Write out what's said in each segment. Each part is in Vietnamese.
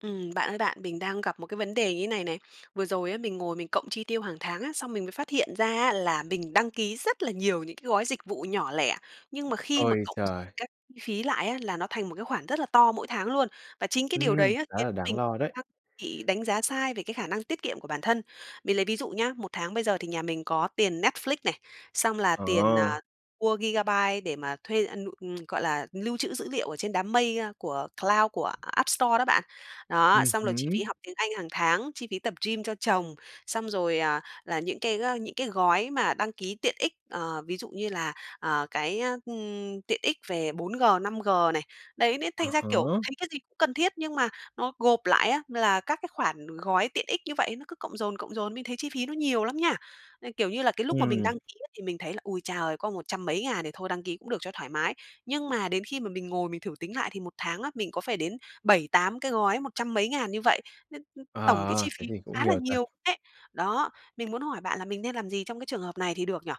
Ừm, bạn ơi bạn, mình đang gặp một cái vấn đề như này này, vừa rồi á, mình ngồi mình cộng chi tiêu hàng tháng á, xong mình mới phát hiện ra á, là mình đăng ký rất là nhiều những cái gói dịch vụ nhỏ lẻ, nhưng mà khi mà Ôi cộng trời! các phí lại á, là nó thành một cái khoản rất là to mỗi tháng luôn, và chính cái điều Ừm, đấy á khá là đáng lo đấy. [unintelligible] bị đánh giá sai về cái khả năng tiết kiệm của bản thân. Mình lấy ví dụ nhá, một tháng bây giờ thì nhà mình có tiền Netflix này, xong là tiền, Ờ. à, mua gigabyte để mà thuê, a, nụ ừm, gọi là, lưu trữ dữ liệu ở trên đám mây, ơ, của cloud của App Store đó bạn. Đó, Ừm xong rồi chi phí hứm. học tiếng Anh hàng tháng, chi phí tập gym cho chồng, xong rồi, à, là những cái, a, những cái gói mà đăng ký tiện ích, ờ, ví dụ như là, ờ, cái, ơ, ừm, tiện ích về 4G, 5G này, đấy, nên thành Ờ ra, kiểu, hả. thấy cái gì cũng cần thiết nhưng mà nó gộp lại á, là các cái khoản gói tiện ích như vậy nó cứ cộng dồn, cộng dồn, mình thấy chi phí nó nhiều lắm nha. À, kiểu như là, cái lúc mà mình Ừm. đăng ký á, thì mình thấy là "Ôi cha ơi! Có một trăm mấy ngàn thì thôi đăng ký cũng được cho thoải mái" nhưng mà đến khi mà mình ngồi mình thử tính lại thì một tháng á, mình có phải đến 7-8 cái gói một trăm mấy ngàn như vậy, nên, ừm, tổng cái À, chi phí thế thì cũng khá là nhiều thật. nhiều [unintelligible] Đó, mình muốn hỏi bạn là mình nên làm gì trong cái trường hợp này thì được nhỉ?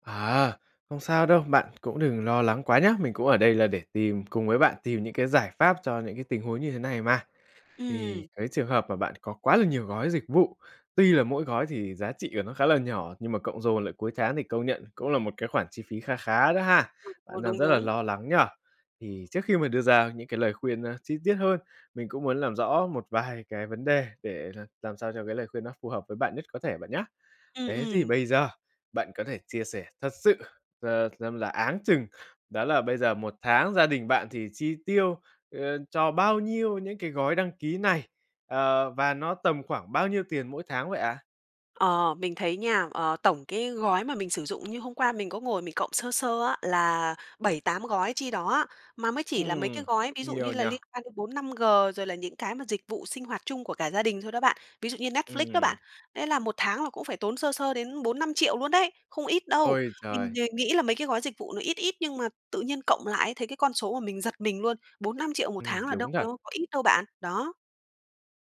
À, không sao đâu, bạn cũng đừng lo lắng quá nhá, mình cũng ở đây là để tìm cùng với bạn tìm những cái giải pháp cho những cái tình huống như thế này mà. Thì Ừm. cái trường hợp mà bạn có quá là nhiều gói dịch vụ, tuy là mỗi gói thì giá trị của nó khá là nhỏ, nhưng mà cộng dồn lại cuối tháng thì công nhận cũng là một cái khoản chi phí kha khá đó ha. [unintelligible] Ờ, Bạn đang đúng, rất là đúng. lo lắng nhỉ? Thì trước khi mà đưa ra những cái lời khuyên chi tiết hơn, mình cũng muốn làm rõ một vài cái vấn đề để là làm sao cho cái lời khuyên nó phù hợp với bạn nhất có thể bạn nhá. Ừm, Thế thì ừm. bây giờ bạn có thể chia sẻ thật sự, à, xem là áng chừng đó là bây giờ một tháng gia đình bạn thì chi tiêu, ờ, cho bao nhiêu những cái gói đăng ký này? Ờ, và nó tầm khoảng bao nhiêu tiền mỗi tháng vậy ạ? Ờ, mình thấy nha, ờ, tổng cái gói mà mình sử dụng như hôm qua mình có ngồi mình cộng sơ sơ á, là 7-8 gói chi đó á. Mà mới chỉ là mấy Ừm, cái gói ví dụ nhiều như nhỉ? là liên quan đến 4G, 5G rồi là những cái mà dịch vụ sinh hoạt chung của cả gia đình thôi đó bạn, ví dụ như Netflix đó Ừm. bạn. Thế là một tháng là cũng phải tốn sơ sơ đến 4.000.000-5.000.000 luôn đấy, không ít đâu! Ôi Mình trời! thì nghĩ là mấy cái gói dịch vụ nó ít ít, nhưng mà tự nhiên cộng lại ấy, thấy cái con số mà mình giật mình luôn, 4.000.000-5.000.000 một Ừm, tháng là đâu đúng thật. có có ít đâu bạn, đó.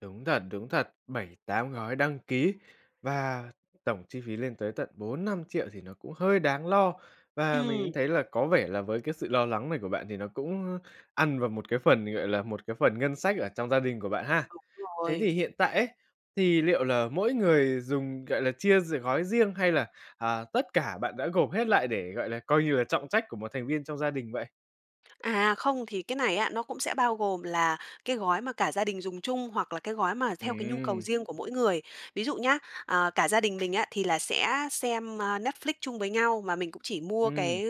Đúng thật, đúng thật. 7-8 gói đăng ký và tổng chi phí lên tới tận 4.000.000-5.000.000 thì nó cũng hơi đáng lo. Và mình cũng Ừm. thấy là có vẻ là với cái sự lo lắng này của bạn, thì nó cũng ăn vào một cái phần, gọi là, một cái phần ngân sách ở trong gia đình của bạn ha. Đúng Thế thì rồi. hiện tại ấy, thì liệu là mỗi người dùng, gọi là, chia d gói riêng hay là, à, tất cả bạn đã gộp hết lại để, gọi là, coi như là trọng trách của một thành viên trong gia đình vậy? À, không, thì cái này á, nó cũng sẽ bao gồm là cái gói mà cả gia đình dùng chung hoặc là cái gói mà theo cái nhu cầu Ừm. riêng của mỗi người. Ví dụ nhá, ờ, cả gia đình mình á, thì là sẽ xem, à, Netflix chung với nhau. Mà mình cũng chỉ mua Ừm. cái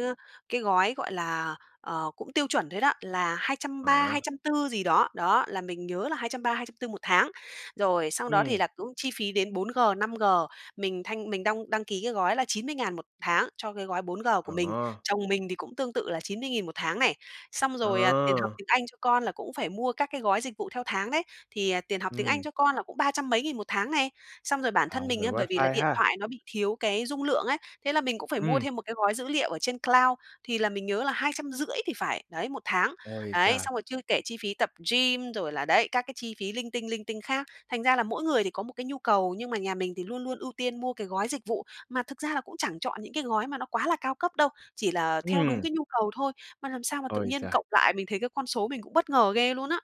cái gói, gọi là, ờ, cũng tiêu chuẩn thôi đó, là hai trăm ba Ờ. hai trăm tư gì đó. Đó, là mình nhớ là 230, 240 một tháng. Rồi, sau đó thì Ừm. là cũng chi phí đến 4G, 5G. Mình thanh mình đong đăng ký cái gói là 90.000 một tháng cho cái gói 4G của mình. Ờ. Chồng mình thì cũng tương tự là 90.000 một tháng này. Xong rồi tiền học Ờ. tiếng Anh cho con là cũng phải mua các cái gói dịch vụ theo tháng đấy. Thì tiền học tiếng Ừm. Anh cho con là cũng ba trăm mấy nghìn một tháng này. Xong rồi bản À, thân mình rồi, ấy, bởi vì là wifi điện ha. thoại nó bị thiếu cái dung lượng ấy, thế là mình cũng phải mua Ừm. thêm cái gói dữ liệu ở trên cloud, thì là mình nhớ là 250 thì phải, đấy, một tháng. Ôi Đấy, trời! xong rồi chưa kể chi phí tập gym rồi là, đấy, các cái chi phí linh tinh, linh tinh khác. Thành ra là mỗi người thì có một cái nhu cầu, nhưng mà nhà mình thì luôn luôn ưu tiên mua cái gói dịch vụ. Mà thực ra là cũng chẳng chọn những cái gói mà nó quá là cao cấp đâu, chỉ là theo đúng Ừm. cái nhu cầu thôi. Mà làm sao mà tự Ôi nhiên trời! cộng lại mình thấy cái con số mình cũng bất ngờ ghê luôn á.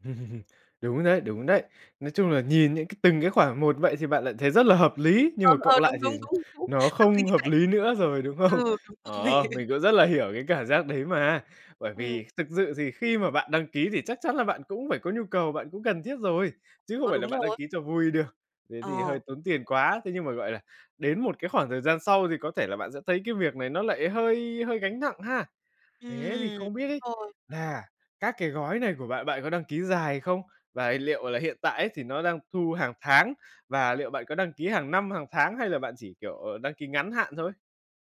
Đúng rồi đấy, đúng đấy! Nói chung là nhìn những cái từng cái khoản một vậy thì bạn lại thấy rất là hợp lý, nhưng Ờ, mà cộng ờ, lại đúng, thì đúng, đúng, đúng, nó tâm lý không hợp vậy. lý nữa rồi, đúng không? Ừ, đúng rồi. Ờ, mình cũng rất là hiểu cái cảm giác đấy mà, bởi Ừm. vì thực sự thì khi mà bạn đăng ký thì chắc chắn là bạn cũng phải có nhu cầu, bạn cũng cần thiết rồi, chứ không Ờ, phải là đúng bạn đăng rồi. ký cho vui được thế thì hơi Ờ. tốn tiền quá. Thế nhưng mà, gọi là, đến một cái khoảng thời gian sau thì có thể là bạn sẽ thấy cái việc này nó lại hơi hơi gánh nặng ha? Thế thì Ừm, không biết ấy, thôi. là các cái gói này của bạn bạn có đăng ký dài không? Và liệu là hiện tại ấy thì nó đang thu hàng tháng và liệu bạn có đăng ký hàng năm, hàng tháng hay là bạn chỉ, kiểu, ờ, đăng ký ngắn hạn thôi?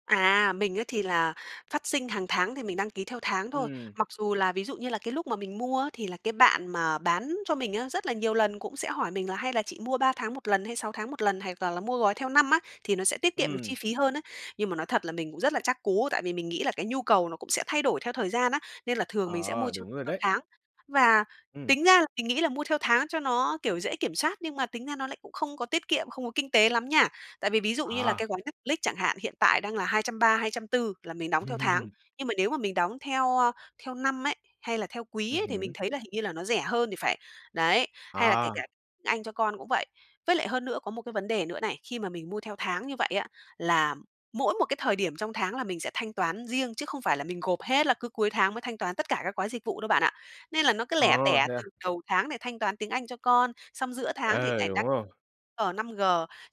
À, mình ấy thì là phát sinh hàng tháng thì mình đăng ký theo tháng thôi. Ừm. Mặc dù là ví dụ như là cái lúc mà mình mua á, thì là cái bạn mà bán cho mình á, rất là nhiều lần cũng sẽ hỏi mình là "Hay là chị mua 3 tháng một lần, hay 6 tháng một lần, hoặc là là mua gói theo năm á, thì nó sẽ tiết kiệm được Ừm. chi phí hơn á." Nhưng mà nói thật là mình rất là chắc cú, tại vì mình nghĩ là cái nhu cầu nó cũng sẽ thay đổi theo thời gian á, nên là thường mình sẽ mua Ờ, cho đúng rồi theo đấy. tháng. Và Ừm. tính ra là mình nghĩ là mua theo tháng cho nó, kiểu, dễ kiểm soát, nhưng mà tính ra nó lại cũng không có tiết kiệm, không có kinh tế lắm nha. Tại vì ví dụ như là À. cái gói Netflix chẳng hạn, hiện tại đang là 230, 240 là mình đóng theo tháng, nhưng mà nếu mà mình đóng theo, a, theo năm ấy, hay là theo quý Ừm ấy thì mình hứm. thấy là hình như là nó rẻ hơn thì phải. Đấy, hay là kể À. cả tiếng Anh cho con cũng vậy. Với lại hơn nữa có một cái vấn đề nữa này, khi mà mình mua theo tháng như vậy á, là mỗi một cái thời điểm trong tháng là mình sẽ thanh toán riêng chứ không phải là mình gộp hết là cứ cuối tháng mới thanh toán tất cả các gói dịch vụ đâu bạn ạ. Nên là nó cứ Ờ, lẻ tẻ thế à? từ đầu tháng nè thanh toán tiếng Anh cho con, xong giữa tháng thì Ờ, lại đăng đúng rồi. G, 5G,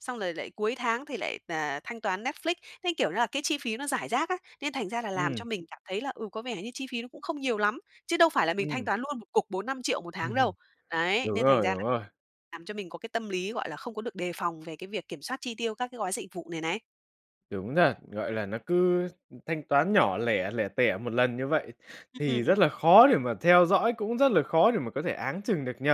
xong rồi lại cuối tháng thì lại, ờ, thanh toán Netflix. Thấy, kiểu như là, cái chi phí nó rải rác á, nên thành ra là làm cho Ừm. mình cảm thấy là, ừ, có vẻ như chi phí nó cũng không nhiều lắm, chứ đâu phải là mình thanh Ừm. toán luôn một cục 4.000.000-5.000.000 một tháng đâu. Đấy, Đúng nên thành rồi, ra đúng là rồi. làm cho mình có cái tâm lý, gọi là, không có được đề phòng về cái việc kiểm soát chi tiêu các cái gói dịch vụ này này. Đúng rồi, gọi là, nó cứ thanh toán nhỏ lẻ, lẻ tẻ một lần như vậy thì rất Ừm. là khó để mà theo dõi, cũng rất là khó để mà có thể áng chừng được nhỉ?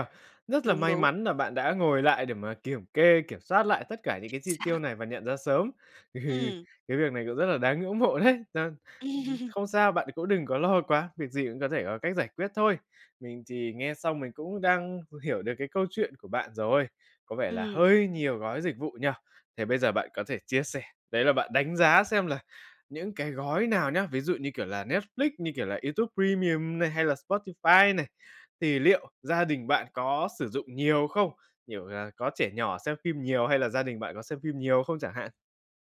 Rất là Đúng, may đúng. mắn là bạn đã ngồi lại để mà kiểm kê, kiểm soát lại tất cả những Chính cái chi tiêu xác. này và nhận ra sớm, thì Ừm. cái việc này cũng rất là đáng ngưỡng mộ đấy. Ừm, không sao, bạn cũng đừng có lo quá, việc gì cũng có thể có cách giải quyết thôi. Mình thì nghe xong mình cũng đang h hiểu được cái câu chuyện của bạn rồi, có vẻ là Ừm. hơi nhiều gói dịch vụ nhỉ? Thì bây giờ bạn có thể chia sẻ đấy là bạn đánh giá xem là những cái gói nào nhá, ví dụ như, kiểu, là Netflix, như, kiểu, là YouTube Premium này, hay là Spotify này, thì liệu gia đình bạn có sử dụng nhiều không? Kiểu là, có trẻ nhỏ xem phim nhiều hay là gia đình bạn có xem phim nhiều không chẳng hạn?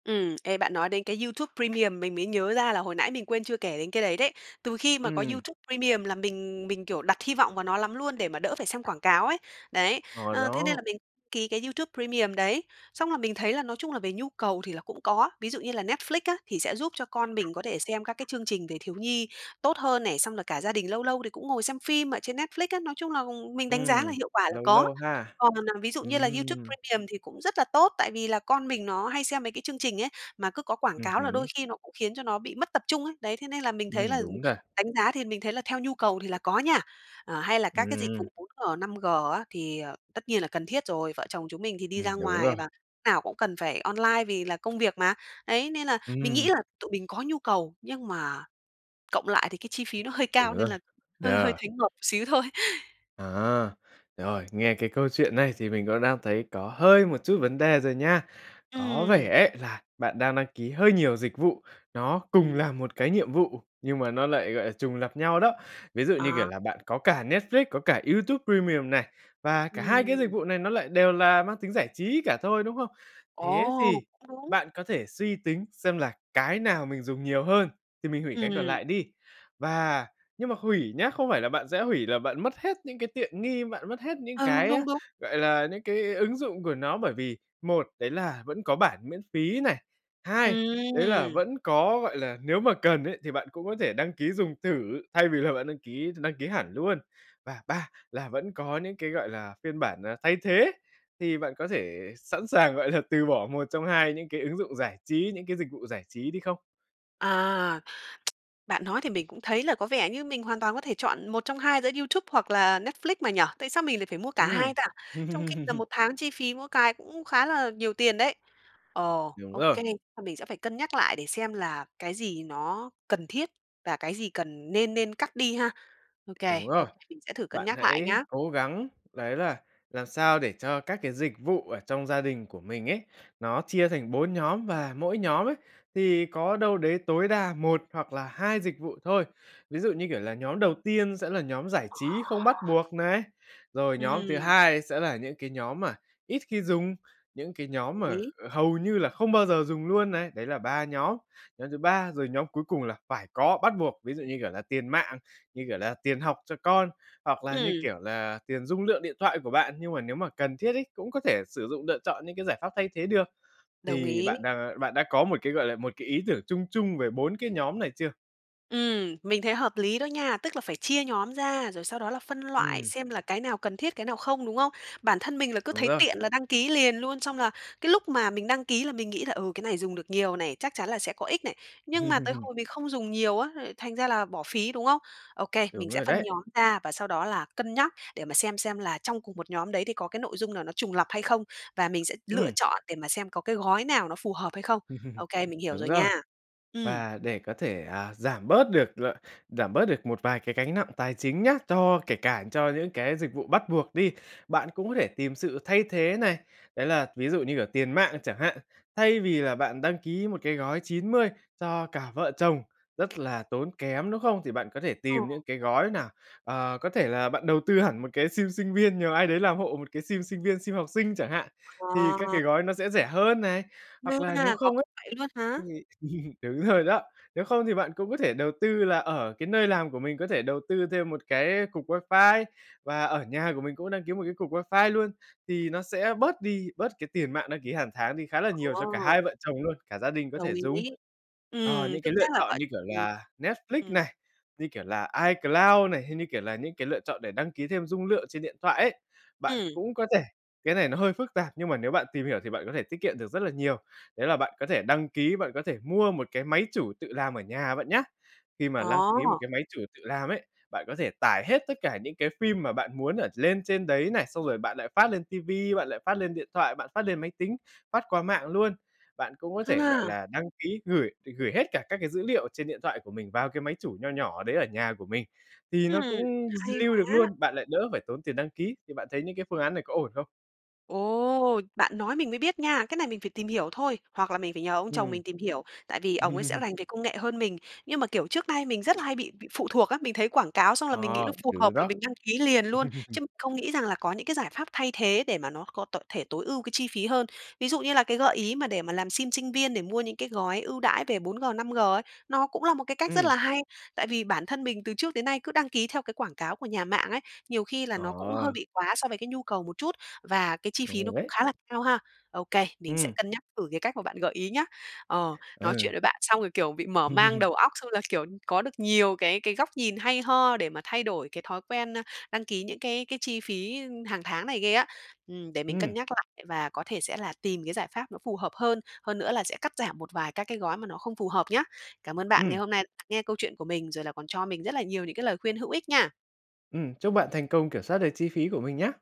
Ừm, ê, bạn nói đến cái YouTube Premium mình mới nhớ ra là hồi nãy mình quên chưa kể đến cái đấy đấy. Từ khi mà có Ừm. YouTube Premium là mình mình, kiểu, đặt hy vọng vào nó lắm luôn để mà đỡ phải xem quảng cáo ấy, đấy, Ờ, ờ, thế nên là đó. mình ký cái YouTube Premium đấy, xong là mình thấy là nói chung là về nhu cầu thì là cũng có, ví dụ như là Netflix á thì sẽ giúp cho con mình có thể xem các cái chương trình về thiếu nhi tốt hơn này, xong là cả gia đình lâu lâu thì cũng ngồi xem phim ở trên Netflix á, nói chung là mình đánh giá là Ừm. hiệu quả là Lâu có. lâu ha. Còn, à, ví dụ như là YouTube Ừm. Premium thì cũng rất là tốt, tại vì là con mình nó hay xem mấy cái chương trình ấy, mà cứ có quảng Ừm cáo là hứm. đôi khi nó cũng khiến cho nó bị mất tập trung ấy, đấy, thế nên là mình thấy Ừm, là đúng rồi. đánh giá thì mình thấy là theo nhu cầu thì là có nha. Ờ, hay là các cái dịch Ừm. vụ 4G, 5G á thì, à, tất nhiên là cần thiết rồi, vợ chồng chúng mình thì đi Ừm, ra đúng ngoài và rồi. lúc nào cũng cần phải online vì là công việc mà. Đấy, nên là mình nghĩ Ừm. là tụi mình có nhu cầu nhưng mà cộng lại thì cái chi phí nó hơi Đúng cao rồi, nên là hơi hơi yeah. thấy ngợp một xíu thôi. À, rồi, nghe cái câu chuyện này thì mình cũng đang thấy có hơi một chút vấn đề rồi nha, có vẻ Ừm. ấy là bạn đang đăng ký hơi nhiều dịch vụ, nó cùng Ừm. làm một cái nhiệm vụ nhưng mà nó lại, gọi là, trùng lặp nhau đó. Ví dụ như kiểu À. là bạn có cả Netflix, có cả YouTube Premium này, và cả hai cái dịch Ừm. vụ này nó lại đều là mang tính giải trí cả thôi, đúng không? Thế Ồ, thì cũng đúng! bạn có thể suy tính xem là cái nào mình dùng nhiều hơn thì mình hủy cái còn Ừm. lại đi, và nhưng mà hủy nhá, không phải là bạn sẽ hủy là bạn mất hết những cái tiện nghi, bạn mất hết những Ờ, đúng, cái, đúng, đúng! gọi là, những cái ứng dụng của nó, bởi vì một, đấy là vẫn có bản miễn phí này, hai, đấy là Ừm. vẫn có, gọi là, nếu mà cần ấy thì bạn cũng có thể đăng ký dùng thử thay vì là bạn đăng ký đăng ký hẳn luôn và ba là vẫn có những cái, gọi là, phiên bản, à, thay thế. Thì bạn có thể sẵn sàng, gọi là, từ bỏ một trong hai những cái ứng dụng giải trí, những cái dịch vụ giải trí đi không? À. Bạn nói thì mình cũng thấy là có vẻ như mình hoàn toàn có thể chọn 1 trong 2 giữa YouTube hoặc là Netflix mà nhỉ? Tại sao mình lại phải mua cả Ừm. hai ta? Trong khi là một tháng chi phí mỗi cái cũng khá là nhiều tiền đấy. Ờ, Đúng OK, rồi. a, mình sẽ phải cân nhắc lại để xem là cái gì nó cần thiết và cái gì cần nên nên cắt đi ha. OK, Đúng rồi. OK, mình sẽ thử cân Bạn nhắc lại hãy nhá. cố gắng đấy là làm sao để cho các cái dịch vụ ở trong gia đình của mình ấy, nó chia thành 4 nhóm, và mỗi nhóm ấy thì có đâu đấy tối đa 1 hoặc là 2 dịch vụ thôi. Ví dụ như, kiểu, là nhóm đầu tiên sẽ là nhóm giải trí không bắt buộc này, rồi nhóm thứ Ừm. hai sẽ là những cái nhóm mà ít khi dùng, những cái Đồng nhóm mà ý. kh hầu như là không bao giờ dùng luôn này. Đấy là 3 nhóm, nhóm thứ ba rồi, nhóm cuối cùng là phải có, bắt buộc, ví dụ, như kiểu là tiền mạng, như kiểu là tiền học cho con, hoặc là, như Ừm. kiểu là, tiền dung lượng điện thoại của bạn. Nhưng mà nếu mà cần thiết ấy, cũng có thể sử dụng lựa chọn những cái giải pháp thay thế được. Đồng Thì ý. bạn đang bạn đã có một cái, gọi là, một cái ý tưởng chung chung về 4 cái nhóm này chưa? Ừm, mình thấy hợp lý đó nha, tức là phải chia nhóm ra, rồi sau đó là phân loại, Ừm. xem là cái nào cần thiết, cái nào không, đúng không? Bản thân mình là cứ Đúng thấy rồi. tiện là đăng ký liền luôn, xong là cái lúc mà mình đăng ký là mình nghĩ là "Ừ, cái này dùng được nhiều này, chắc chắn là sẽ có ích này", nhưng mà tới hồi mình không dùng nhiều á, lại thành ra là bỏ phí, đúng không? Ô kê, Đúng mình sẽ rồi phân đấy. nhóm ra và sau đó là cân nhắc để mà xem xem là trong cùng 1 nhóm đấy thì có cái nội dung nào nó trùng lặp hay không và mình sẽ lựa Ừm. chọn để mà xem có cái gói nào nó phù hợp hay không. Ô kê, mình hiểu Đúng rồi rồi. nha. Ừm. Và để có thể, à, giảm bớt được l giảm bớt được một vài cái gánh nặng tài chính nhá, cho kể cả cho những cái dịch vụ bắt buộc đi, bạn cũng có thể tìm sự thay thế này, đấy là, ví dụ như cả tiền mạng chẳng hạn, thay vì là bạn đăng ký một cái gói 90 cho cả vợ chồng rất là tốn kém, đúng không? Thì bạn có thể Ờ. tìm những cái gói nào, ờ, có thể là bạn đầu tư hẳn một cái sim sinh viên, nhờ ai đấy làm hộ một cái sim sinh viên, sim học sinh chẳng hạn, thì các À! cái gói nó sẽ rẻ hơn này, hoặc là nếu À! Có không ấy vậy luôn hả? thì đúng rồi đó, nếu không thì bạn cũng có thể đầu tư là ở cái nơi làm của mình có thể đầu tư thêm một cái cục wifi và ở nhà của mình cũng đăng ký một cái cục wifi luôn thì nó sẽ bớt đi, bớt cái tiền mạng đăng ký hàng tháng đi khá là nhiều cho cả Ờ. hai vợ chồng luôn, cả gia đình có Đồng thể dùng. ý. Ờ, Ừm, những tương cái tác lựa là chọn vậy, như kiểu ừm. là Ừm. Netflix Ừm. này, như kiểu là iCloud này, hay như kiểu là những cái lựa chọn để đăng ký thêm dung lượng trên điện thoại ấy, bạn Ừm. cũng có thể cái này nó hơi phức tạp, nhưng mà nếu bạn tìm hiểu thì bạn có thể tiết kiệm được rất là nhiều. Đấy là bạn có thể đăng ký, bạn có thể mua một cái máy chủ tự làm ở nhà bạn nhá. Khi mà đăng ký một À! cái máy chủ tự làm ấy, bạn có thể tải hết tất cả những cái phim mà bạn muốn ở lên trên đấy này, xong rồi bạn lại phát lên ti vi, bạn lại phát lên điện thoại, bạn phát lên máy tính, phát qua mạng luôn. Bạn cũng có thể, gọi À! là, đăng ký gửi gửi hết cả các cái dữ liệu ở trên điện thoại của mình vào cái máy chủ nho nhỏ đấy ở nhà của mình thì nó Ừm, cũng hay lưu được quá! luôn, bạn lại đỡ phải tốn tiền đăng ký, thì bạn thấy những cái phương án này có ổn không? Ồ! Bạn nói mình mới biết nha. Cái này mình phải tìm hiểu thôi, hoặc là mình phải nhờ ông chồng Ừm. mình tìm hiểu, tại vì ổng ấy sẽ rành về công nghệ hơn mình, nhưng mà, kiểu, trước nay mình rất là hay bị bị phụ thuộc á. Mình thấy quảng cáo xong là mình Ờ, nghĩ nó phù đúng rồi hợp là đó. mình đăng ký liền luôn chứ không nghĩ rằng là có những cái giải pháp thay thế để mà nó có tội thể tối ưu cái chi phí hơn. Ví dụ như là cái gợi ý mà để mà làm sim sinh viên để mua những cái gói ưu đãi về 4G, 5G ấy, nó cũng là một cái cách rất Ừm. là hay, tại vì bản thân mình từ trước đến nay cứ đăng ký theo cái quảng cáo của nhà mạng ấy, nhiều khi là nó cũng hơi Ờ. bị quá so với cái nhu cầu một chút và cái chi Ổn phí nó rồi cũng đấy. khá là cao ha. Okay, mình sẽ Ừm. cân nhắc thử cái cách mà bạn gợi ý nhá. Ờ, nói chuyện Ừ. với bạn xong rồi, kiểu, bị mở mang đầu óc, xong là, kiểu, có được nhiều cái cái góc nhìn hay ho để mà thay đổi cái thói quen, a, đăng ký những cái cái chi phí hàng tháng này ghê á. Ừm, để mình cân Ừm. nhắc lại và có thể sẽ là tìm cái giải pháp nó phù hợp hơn, hơn nữa là sẽ cắt giảm một vài các cái gói mà nó không phù hợp nhá. Cảm ơn bạn ngày Ừm. hôm nay nghe câu chuyện của mình rồi là còn cho mình rất là nhiều những cái lời khuyên hữu ích nha. Ừm, chúc bạn thành công kiểm soát được chi phí của mình nhá.